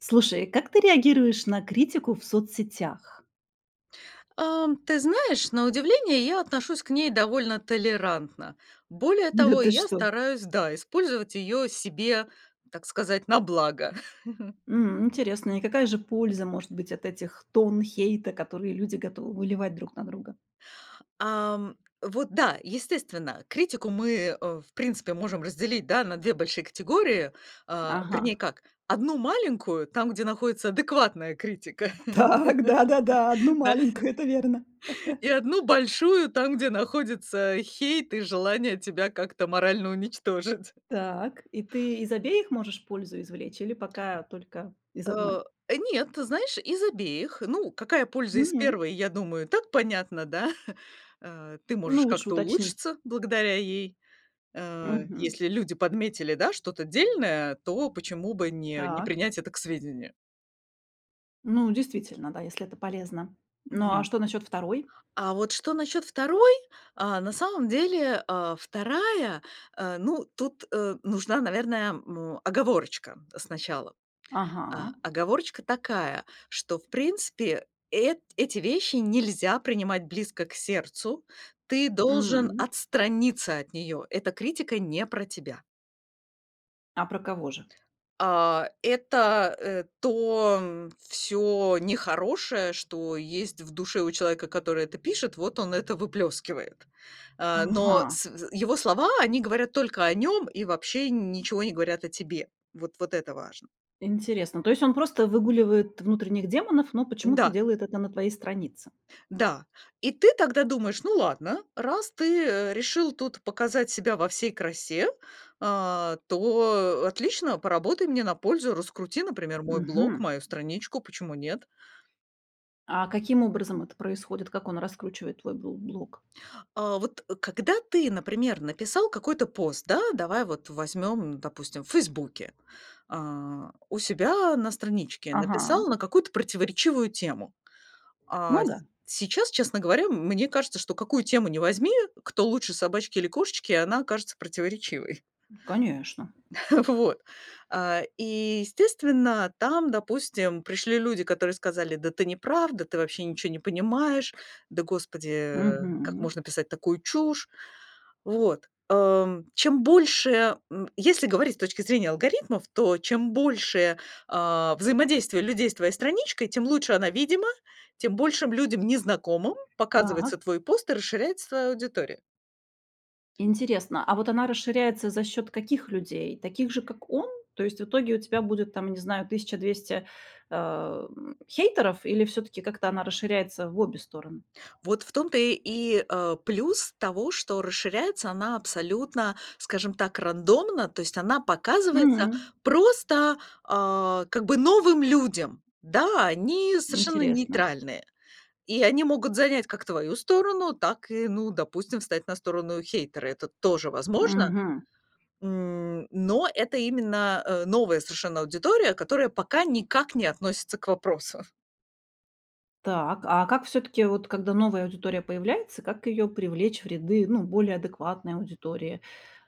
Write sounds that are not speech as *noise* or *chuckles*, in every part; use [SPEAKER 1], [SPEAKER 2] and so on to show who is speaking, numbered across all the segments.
[SPEAKER 1] Слушай, как ты реагируешь на критику в соцсетях?
[SPEAKER 2] А, м, ты знаешь, на удивление, я отношусь к ней довольно толерантно. Более
[SPEAKER 1] Да
[SPEAKER 2] того,
[SPEAKER 1] ты
[SPEAKER 2] я
[SPEAKER 1] что?
[SPEAKER 2] стараюсь, да, использовать её себе, так сказать, на благо. *chuckles*
[SPEAKER 1] М. Интересно, и какая же польза может быть от этих тонн хейта, которые люди готовы выливать друг на друга?
[SPEAKER 2] Ам, вот, да, естественно, критику мы, э, в принципе можем разделить, да, на 2 большие категории, а,
[SPEAKER 1] Ага.
[SPEAKER 2] вернее, как, 1 маленькую, там, где находится адекватная критика.
[SPEAKER 1] Так, да-да-да, 1
[SPEAKER 2] *laughs* Да.
[SPEAKER 1] маленькую, это верно.
[SPEAKER 2] И 1 большую там, где находится хейт и желание тебя как-то морально уничтожить.
[SPEAKER 1] Так, и ты из обеих можешь пользу извлечь или пока, э, только из
[SPEAKER 2] А,
[SPEAKER 1] одной?
[SPEAKER 2] э, нет, ты знаешь, из обеих, ну, какая польза из
[SPEAKER 1] М.
[SPEAKER 2] 1, я думаю, и так понятно, да? *chuckles* Ты можешь
[SPEAKER 1] Ну, лучше
[SPEAKER 2] как-то
[SPEAKER 1] уточни.
[SPEAKER 2] улучшиться благодаря ей Э,
[SPEAKER 1] Мгм.
[SPEAKER 2] если люди подметили, да, что-то дельное, то почему бы не не
[SPEAKER 1] Так.
[SPEAKER 2] принять это к сведению?
[SPEAKER 1] Ну, действительно, да, если это полезно. Ну, а
[SPEAKER 2] Мгм.
[SPEAKER 1] что насчет 2?
[SPEAKER 2] А вот что насчёт 2? А на самом деле, а, 2 а, ну, тут, а, нужна, наверное, му оговорочка сначала.
[SPEAKER 1] Ага.
[SPEAKER 2] А оговорочка такая, что, в принципе, эт эти вещи нельзя принимать близко к сердцу. Ты должен
[SPEAKER 1] М.
[SPEAKER 2] отстраниться от неё, эта критика не про тебя.
[SPEAKER 1] А про кого же?
[SPEAKER 2] А это, э, то всё нехорошее, что есть в душе у человека, который это пишет, вот он это выплёскивает. А, но,
[SPEAKER 1] Ага.
[SPEAKER 2] с вз его слова, они говорят только о нём и вообще ничего не говорят о тебе. Вот вот это важно.
[SPEAKER 1] Интересно. То есть он просто выгуливает внутренних демонов, но почему-то
[SPEAKER 2] Да.
[SPEAKER 1] делает это на твоей странице?
[SPEAKER 2] Да. И ты тогда думаешь: "Ну, ладно, раз ты, э, решил тут показать себя во всей красе, а, то, э, отлично, поработай мне на пользу, раскрути, например, мой блог,
[SPEAKER 1] Мгм.
[SPEAKER 2] мою страничку, почему нет?"
[SPEAKER 1] А каким образом это происходит, как он раскручивает твой бло блог?
[SPEAKER 2] А вот когда ты, например, написал какой-то пост, да, давай вот возьмем, допустим, в "Фейсбуке". А, у себя на страничке
[SPEAKER 1] Ага.
[SPEAKER 2] написал на какую-то противоречивую тему. А
[SPEAKER 1] Ну
[SPEAKER 2] с
[SPEAKER 1] да.
[SPEAKER 2] сейчас, честно говоря, мне кажется, что какую тему ни возьми, кто лучше, собачки или кошечки, она окажется противоречивой.
[SPEAKER 1] Конечно.
[SPEAKER 2] *chuckles* Вот, а, и, естественно, там, допустим, пришли люди, которые сказали: "Да ты не правда, ты вообще ничего не понимаешь, да, господи, как
[SPEAKER 1] Мгм.
[SPEAKER 2] можно писать такую чушь?" Вот, ам, чем больше м. Если говорить с точки зрения алгоритмов, то чем больше, а, взаимодействие людей с твоей страничкой, тем лучше она видима, тем большим людям, незнакомым, показывается
[SPEAKER 1] Так.
[SPEAKER 2] твой пост и расширяется твоя аудитория.
[SPEAKER 1] Интересно, а вот она расширяется за счёт каких людей? Таких же, как он? То есть в итоге у тебя будет, там, не знаю, 1200 э, м, хейтеров или всё-таки как-то она расширяется в обе стороны?
[SPEAKER 2] Вот в том-то и, а, плюс того, что расширяется она абсолютно, скажем так, рандомно, то есть она показывается
[SPEAKER 1] М.
[SPEAKER 2] просто, а, как бы новым людям. Да, они совершенно
[SPEAKER 1] Интересно.
[SPEAKER 2] нейтральные, и они могут занять как твою сторону, так и, ну, допустим, встать на сторону хейтера. Это тоже возможно.
[SPEAKER 1] Мгм.
[SPEAKER 2] М, но это именно, а, новая совершенно аудитория, которая пока никак не относится к вопросу.
[SPEAKER 1] Так, а как всё-таки, вот когда новая аудитория появляется, как её привлечь в ряды, ну, более адекватной аудитории,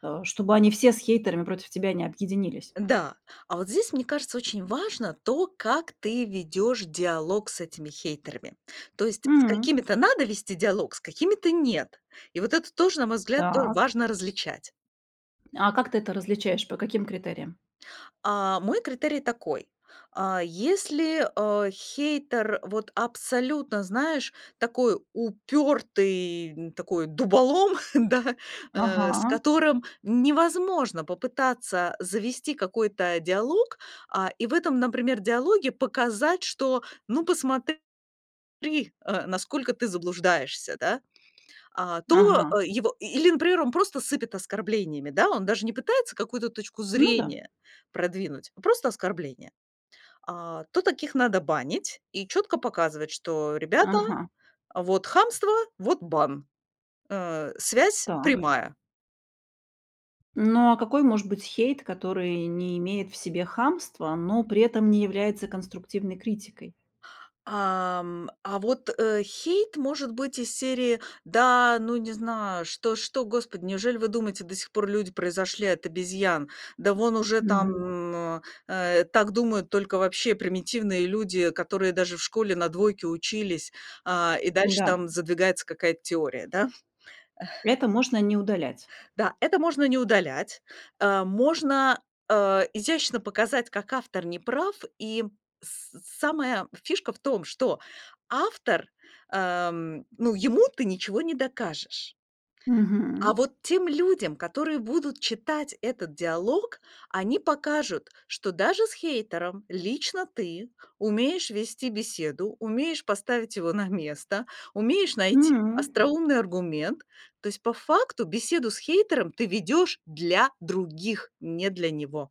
[SPEAKER 1] а, чтобы они все с хейтерами против тебя не объединились?
[SPEAKER 2] Да, а вот здесь, мне кажется, очень важно то, как ты ведешь диалог с этими хейтерами. То есть с
[SPEAKER 1] М.
[SPEAKER 2] какими-то надо вести диалог, с какими-то- нет. И вот это тоже, на мой взгляд, тоже
[SPEAKER 1] Так.
[SPEAKER 2] важно различать.
[SPEAKER 1] А как ты это различаешь? По каким критериям?
[SPEAKER 2] А мой критерий такой. А, если, а, хейтер вот абсолютно, знаешь, такой упёртый, м, такой дуболом, *chuckles* да, э, с
[SPEAKER 1] Ага.
[SPEAKER 2] которым невозможно попытаться завести какой-то диалог, а, и в этом, например, диалоге показать, что: "Ну, посмотри, э, насколько ты заблуждаешься", да, а. То,
[SPEAKER 1] Ага.
[SPEAKER 2] а, его и и, или, например, он просто сыпет оскорблениями, да. Он даже не пытается какую-то точку
[SPEAKER 1] Ну да.
[SPEAKER 2] зрения продвинуть, просто оскорбления. А, то таких надо банить и чётко показывать, что: "Ребята,
[SPEAKER 1] Ага.
[SPEAKER 2] вот хамство, вот бан". Э, связь
[SPEAKER 1] Так.
[SPEAKER 2] прямая.
[SPEAKER 1] Ну, а какой может быть хейт, который не имеет в себе хамства, но при этом не является конструктивной критикой?
[SPEAKER 2] А, м, а вот хейт может быть из серии: "Да, ну, не знаю, что что, господи, неужели вы думаете, до сих пор люди произошли от обезьян? Да вон уже
[SPEAKER 1] Мгм.
[SPEAKER 2] там, э, так думают только вообще примитивные люди, которые даже в школе на двойки учились". А, и дальше
[SPEAKER 1] М-да.
[SPEAKER 2] там задвигается какая-то теория, да? *chuckles*
[SPEAKER 1] Это можно не удалять.
[SPEAKER 2] Да, это можно не удалять, а можно, а, изящно показать, как автор не прав, и с самая фишка в том, что автор, ам, ну, ему ты ничего не докажешь. А
[SPEAKER 1] Мгм.
[SPEAKER 2] вот тем людям, которые будут читать этот диалог, они покажут, что даже с хейтером лично ты умеешь вести беседу, умеешь поставить его на место, умеешь найти
[SPEAKER 1] М.
[SPEAKER 2] остроумный аргумент. То есть по факту беседу с хейтером ты ведёшь для других, не для него.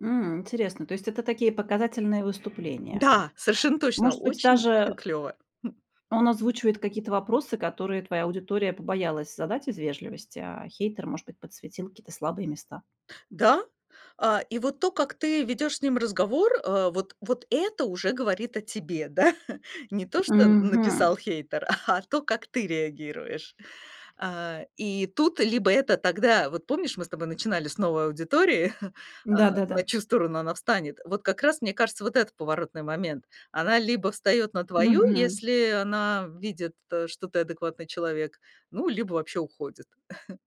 [SPEAKER 1] М, интересно, то есть это такие показательные выступления?
[SPEAKER 2] Да, совершенно точно,
[SPEAKER 1] Может быть,
[SPEAKER 2] очень *chuckles*
[SPEAKER 1] даже
[SPEAKER 2] клёво. *chuckles*
[SPEAKER 1] он озвучивает какие-то вопросы, которые твоя аудитория побоялась задать из вежливости, а хейтер, может быть, подсветил какие-то слабые места.
[SPEAKER 2] Да, а, и вот то, как ты ведёшь с ним разговор, а, вот вот это уже говорит о тебе, да? *chuckles* Не то, что н
[SPEAKER 1] Мгм.
[SPEAKER 2] написал хейтер, а то, как ты реагируешь. А, и тут либо это тогда, вот, помнишь, мы с тобой начинали с новой аудитории, *chuckles* а,
[SPEAKER 1] Да-да-да.
[SPEAKER 2] на чью сторону она встанет, вот как раз, мне кажется, вот это поворотный момент, она либо встаёт на твою,
[SPEAKER 1] Мгм.
[SPEAKER 2] если она видит, что ты адекватный человек, ну, либо вообще уходит. *chuckles*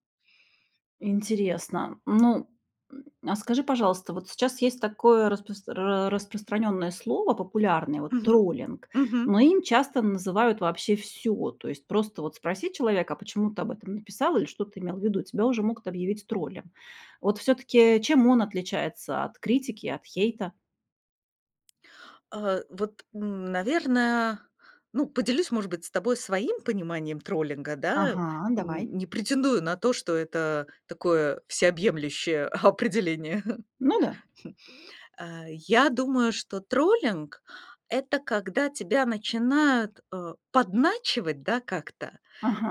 [SPEAKER 1] Интересно. Ну, м, а скажи, пожалуйста, вот сейчас есть такое распро распространенное слово популярное, вот,
[SPEAKER 2] Мгм.
[SPEAKER 1] троллинг,
[SPEAKER 2] Мгм.
[SPEAKER 1] но им часто называют вообще всё, то есть просто вот спроси человека: "А почему ты об этом написал?" Или "Что ты имел в виду?"- тебя уже могут объявить троллем. Вот всё-таки чем он отличается от критики и от хейта?
[SPEAKER 2] А вот, наверное, ну, поделюсь, может быть, с тобой своим пониманием троллинга, да?
[SPEAKER 1] Ага, давай.
[SPEAKER 2] Н не претендую на то, что это такое всеобъемлющее определение.
[SPEAKER 1] Ну да.
[SPEAKER 2] Я думаю, что троллинг- это когда тебя начинают, а, подначивать, да, как-то,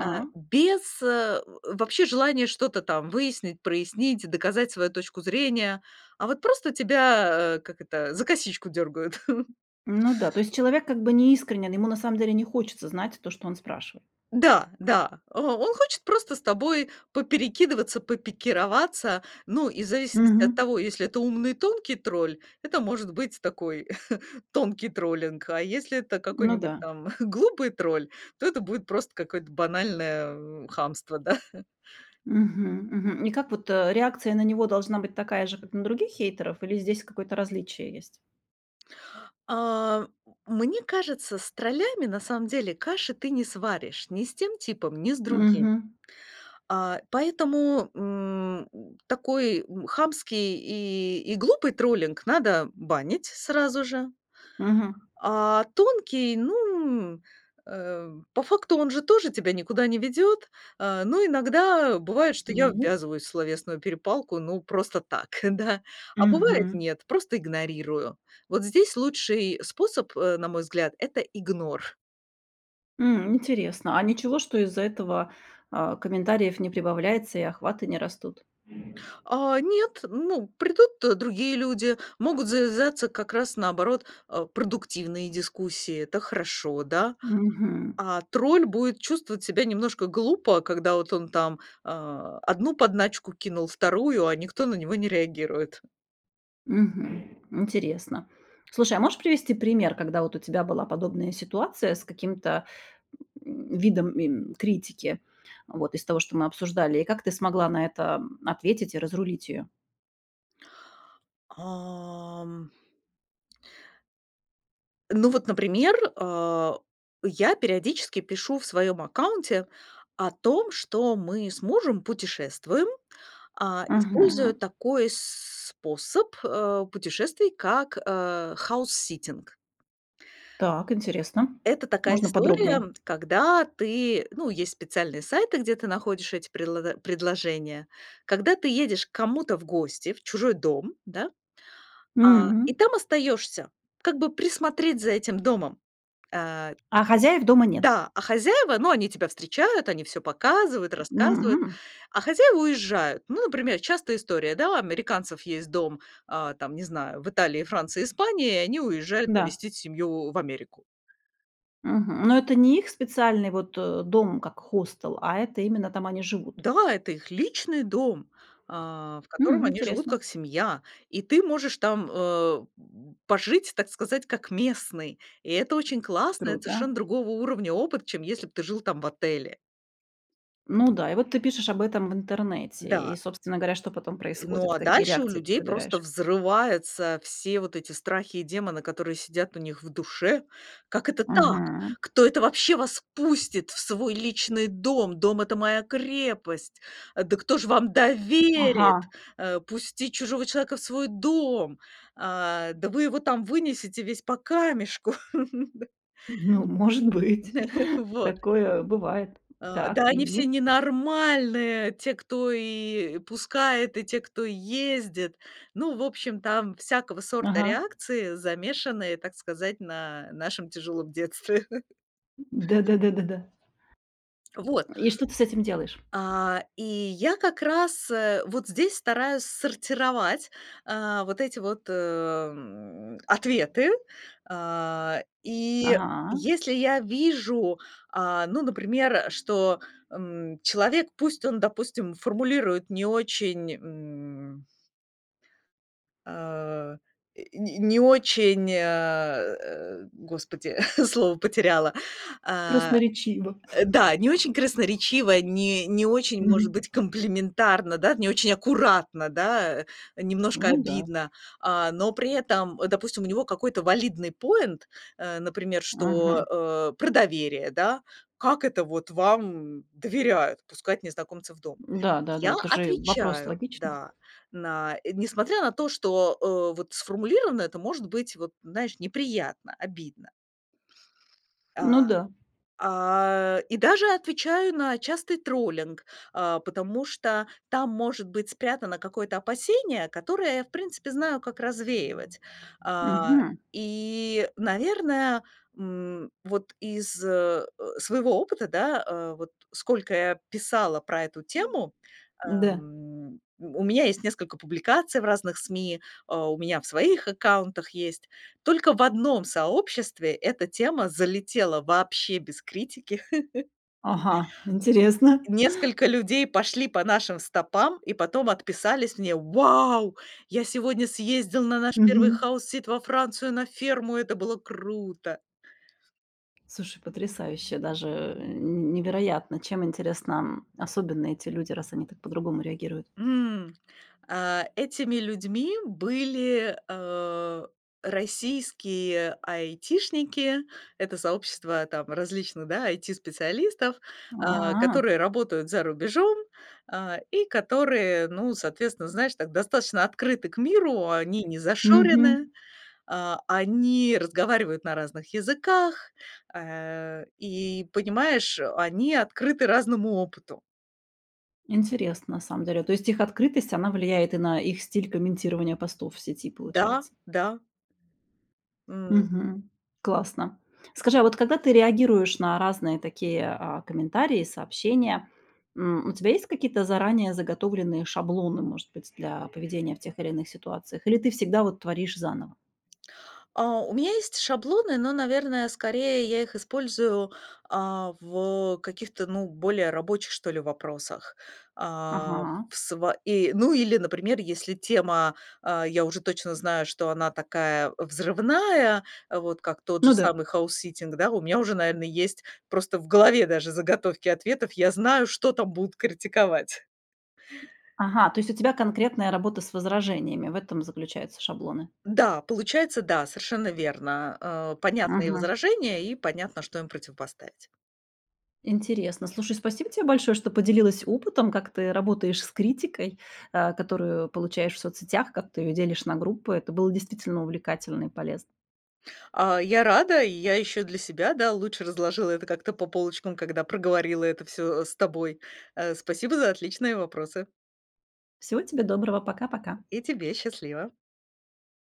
[SPEAKER 2] а, без вообще, э, желания что-то там выяснить, прояснить, доказать свою точку зрения, а вот просто тебя, э, как это, за косичку дергают. *chuckles*
[SPEAKER 1] Ну да, то есть человек как бы неискренен, ему на самом деле не хочется знать то, что он спрашивает.
[SPEAKER 2] Да, да, э, он хочет просто с тобой поперекидываться, попикироваться, ну, и в зависимости от
[SPEAKER 1] Мгм.
[SPEAKER 2] того, если это умный и тонкий тролль, это может быть такой *chuckles* тонкий троллинг. А если это
[SPEAKER 1] Ну
[SPEAKER 2] какой-нибудь
[SPEAKER 1] да.
[SPEAKER 2] там глупый тролль, то это будет просто какое-то банальное хамство, да. *chuckles*
[SPEAKER 1] Мгм, мгм, и как вот, э, реакция на него должна быть такая же, как на других хейтеров, или здесь какое-то различие есть?
[SPEAKER 2] А мне кажется, с троллями на самом деле каши ты не сваришь. Ни с тем типом, ни с другим.
[SPEAKER 1] Мгм.
[SPEAKER 2] А, поэтому, м, такой, м, хамский и и глупый троллинг надо банить сразу же.
[SPEAKER 1] Мгм.
[SPEAKER 2] А тонкий, ну, э, по факту он же тоже тебя никуда не ведет. А, но иногда бывает, что я
[SPEAKER 1] Ну
[SPEAKER 2] ввязываюсь в словесную перепалку, ну, просто так, *chuckles* да. А бывает,
[SPEAKER 1] Мгм.
[SPEAKER 2] нет, просто игнорирую. Вот здесь лучший способ, э, на мой взгляд- это игнор.
[SPEAKER 1] М, интересно, а ничего, что из-за этого, а, комментариев не прибавляется и охваты не растут?
[SPEAKER 2] А нет, ну, придут другие люди, могут завязаться, как раз наоборот, а, продуктивные дискуссии, это хорошо, да?
[SPEAKER 1] Мгм.
[SPEAKER 2] А тролль будет чувствовать себя немножко глупо, когда вот он там, а, одну подначку кинул, вторую, а никто на него не реагирует.
[SPEAKER 1] Мгм. Интересно. Слушай, а можешь привести пример, когда вот у тебя была подобная ситуация с каким-то *grunts* видом, м, критики? Вот из того, что мы обсуждали. И как ты смогла на это ответить и разрулить её?
[SPEAKER 2] Ам Ну вот, например. А, я периодически пишу в своем аккаунте о том, что мы с мужем путешествуем, а, используя
[SPEAKER 1] Ага.
[SPEAKER 2] такой с способ, э, путешествий, как, а, хаус-ситинг.
[SPEAKER 1] Так, интересно.
[SPEAKER 2] Это такая
[SPEAKER 1] Можно
[SPEAKER 2] история,
[SPEAKER 1] подробнее?
[SPEAKER 2] когда ты, ну, есть специальные сайты, где ты находишь эти предло предложения. Когда ты едешь к кому-то в гости, в чужой дом, да. А,
[SPEAKER 1] Угм.
[SPEAKER 2] и там остаешься, как бы присмотреть за этим домом. А
[SPEAKER 1] А хозяев дома нет?
[SPEAKER 2] да, а хозяева, ну, они тебя встречают. Они всё показывают, рассказывают,
[SPEAKER 1] М.
[SPEAKER 2] а хозяева уезжают. Ну, например, частая история, да, у американцев есть дом, о там, не знаю, в Италии, Франции, Испании, и они уезжают
[SPEAKER 1] Да.
[SPEAKER 2] навестить семью в Америку.
[SPEAKER 1] Мгм. Но это не их специальный вот, о, дом как хостел, а это именно там они живут.
[SPEAKER 2] Да, это их личный дом, а, в котором
[SPEAKER 1] М,
[SPEAKER 2] они живут
[SPEAKER 1] интересно!
[SPEAKER 2] как семья. И ты можешь там, э, пожить, так сказать, как местный. И это очень классно, это
[SPEAKER 1] Круто.
[SPEAKER 2] совершенно другого уровня опыт, чем если бы ты жил там в отеле.
[SPEAKER 1] Ну да, и вот ты пишешь об этом в интернете, и,
[SPEAKER 2] Да.
[SPEAKER 1] собственно говоря, что потом
[SPEAKER 2] Ну,
[SPEAKER 1] происходит?
[SPEAKER 2] а
[SPEAKER 1] Какие
[SPEAKER 2] дальше у
[SPEAKER 1] реакции ты
[SPEAKER 2] людей просто
[SPEAKER 1] собираешь?
[SPEAKER 2] взрываются все вот эти страхи и демоны, которые сидят у них в душе: "Как это так!
[SPEAKER 1] Мгм.
[SPEAKER 2] Кто это вообще вас пустит в свой личный дом? Дом- это моя крепость! Да кто же вам доверит
[SPEAKER 1] Ага.
[SPEAKER 2] о пустить чужого человека в свой дом? Э, да вы его там вынесете весь по камешку. *chuckles* Да."
[SPEAKER 1] Ну, может быть,
[SPEAKER 2] *chuckles*
[SPEAKER 1] *chuckles*
[SPEAKER 2] Вот.
[SPEAKER 1] такое бывает.
[SPEAKER 2] "А,
[SPEAKER 1] Так,
[SPEAKER 2] да они все
[SPEAKER 1] и?
[SPEAKER 2] ненормальные, те, кто и пускает, и те, кто ездит." Ну, в общем, там всякого сорта
[SPEAKER 1] Ага.
[SPEAKER 2] реакции, замешанные, так сказать, на нашем тяжелом детстве. *laughs*
[SPEAKER 1] Да-да-да.
[SPEAKER 2] Вот.
[SPEAKER 1] И что ты с этим делаешь?
[SPEAKER 2] А, и я как раз, э, вот здесь стараюсь сортировать. А, вот эти вот, э, м, ответы. А, и
[SPEAKER 1] Ага.
[SPEAKER 2] если я вижу, а, ну, например, что, м, человек, пусть он, допустим, формулирует не очень, м а, и, н не очень, а, э, а, господи, *chuckles* слово потеряла. А,
[SPEAKER 1] Красноречиво.
[SPEAKER 2] э,
[SPEAKER 1] *chuckles*
[SPEAKER 2] да, не очень красноречиво. Не не очень, может
[SPEAKER 1] Угм.
[SPEAKER 2] быть, комплиментарно, да. Не очень аккуратно, да. Э, немножко
[SPEAKER 1] Ну да.
[SPEAKER 2] обидно. А, но при этом, допустим, у него какой-то валидный поинт, а, например, что,
[SPEAKER 1] Ага.
[SPEAKER 2] э, про доверие, да: "Как это вот вам доверяют- пускать незнакомцев в дом?"
[SPEAKER 1] Да, да-да.
[SPEAKER 2] Я
[SPEAKER 1] Это же вопрос
[SPEAKER 2] отвечаю,
[SPEAKER 1] логичный.
[SPEAKER 2] да. На, э, несмотря на то, что, э, вот сформулировано это может быть вот неприятно, обидно.
[SPEAKER 1] Ну
[SPEAKER 2] А.
[SPEAKER 1] да.
[SPEAKER 2] А, и даже отвечаю на частый троллинг, а, потому что там может быть спрятано какое-то опасение, которое я, в принципе, знаю, как развеивать. А,
[SPEAKER 1] Мгм.
[SPEAKER 2] и, наверное, м, вот из, э, своего опыта, да, э, вот сколько я писала про эту тему,
[SPEAKER 1] Да.
[SPEAKER 2] эм, у меня есть несколько публикаций в разных СМИ, а, у меня в своих аккаунтах есть. Только в одном сообществе эта тема залетела вообще без критики. *chuckles*
[SPEAKER 1] Ага! Интересно!
[SPEAKER 2] И
[SPEAKER 1] *chuckles*
[SPEAKER 2] несколько людей пошли по нашим стопам и потом отписались мне: "Вау! Я сегодня съездил на наш первый
[SPEAKER 1] Мгм.
[SPEAKER 2] хаус-сит во Францию, на ферму, это было круто!"
[SPEAKER 1] Слушай, потрясающе! Даже, э, невероятно, чем интересно, м, особенны эти люди, раз они так по-другому реагируют.
[SPEAKER 2] М. А, этими людьми были, э, российские айтишники- это сообщество там различных, да, IT-специалистов,
[SPEAKER 1] А.
[SPEAKER 2] которые работают за рубежом, а, и которые, ну, соответственно, знаешь, так достаточно открыты к миру- они не
[SPEAKER 1] Мгм.
[SPEAKER 2] зашореные. А, они разговаривают на разных языках. Э, и, понимаешь, они открыты разному опыту.
[SPEAKER 1] Интересно, на самом деле. То есть их открытость, она влияет и на их стиль комментирования постов в сети,
[SPEAKER 2] Да,
[SPEAKER 1] получается.
[SPEAKER 2] да. М.
[SPEAKER 1] Мгм. Классно. Скажи, а вот когда ты реагируешь на разные такие, а, комментарии и сообщения, м, у тебя есть какие-то заранее заготовленные шаблоны, может быть, для поведения в тех или иных ситуациях, или ты всегда вот творишь заново?
[SPEAKER 2] А, у меня есть шаблоны, но, наверное, скорее я их использую, а, в каких-то, ну, более рабочих, что ли, вопросах. А
[SPEAKER 1] Ага.
[SPEAKER 2] в сво и, ну, или, например, если тема, а, я уже точно знаю, что она такая взрывная, вот как тот же
[SPEAKER 1] Ну да.
[SPEAKER 2] самый хаусситтинг да, у меня уже, наверное, есть просто в голове даже заготовки ответов. Я знаю, что там будут критиковать.
[SPEAKER 1] Ага, то есть у тебя конкретная работа с возражениями, в этом заключаются шаблоны.
[SPEAKER 2] Да, получается, да, совершенно верно, э, понятны и
[SPEAKER 1] Мгм.
[SPEAKER 2] возражения, и понятно, что им противопоставить.
[SPEAKER 1] Интересно, слушай, спасибо тебе большое, что поделилась опытом, как ты работаешь с критикой, а, которую получаешь в соцсетях, как ты ее делишь на группы. Это было действительно увлекательно и полезно.
[SPEAKER 2] А, я рада, и я ещё для себя, да, лучше разложила это как-то по полочкам, когда проговорила это всё, э, с тобой. Э, спасибо за отличные вопросы.
[SPEAKER 1] Всего тебе доброго, пока-пока!
[SPEAKER 2] И тебе, счастливо!